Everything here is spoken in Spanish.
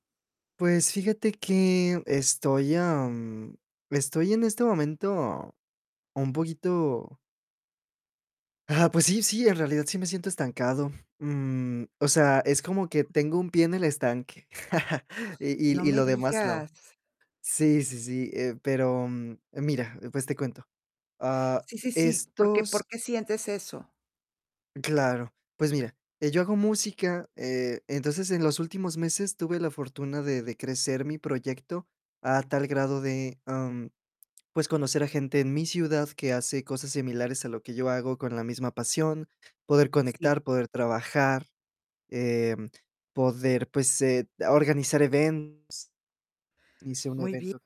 Pues, fíjate que estoy, am, estoy en este momento un poquito. Ah, pues sí, sí, en realidad sí me siento estancado. Mm, o sea, es como que tengo un pie en el estanque, No y y me lo demás no. digas. Sí, sí, sí, eh, pero, mm, mira, pues, te cuento. Ah, Sí, sí, sí, ¿por qué estos. por qué sientes eso? Claro, pues mira, eh, yo hago música, eh, entonces en los últimos meses tuve la fortuna de de crecer mi proyecto a tal grado de, mm, pues, conocer a gente en mi ciudad que hace cosas similares a lo que yo hago con la misma pasión, poder Sí. conectar, poder trabajar, eh, poder, pues, em, organizar event Hice un Muy bie. evento.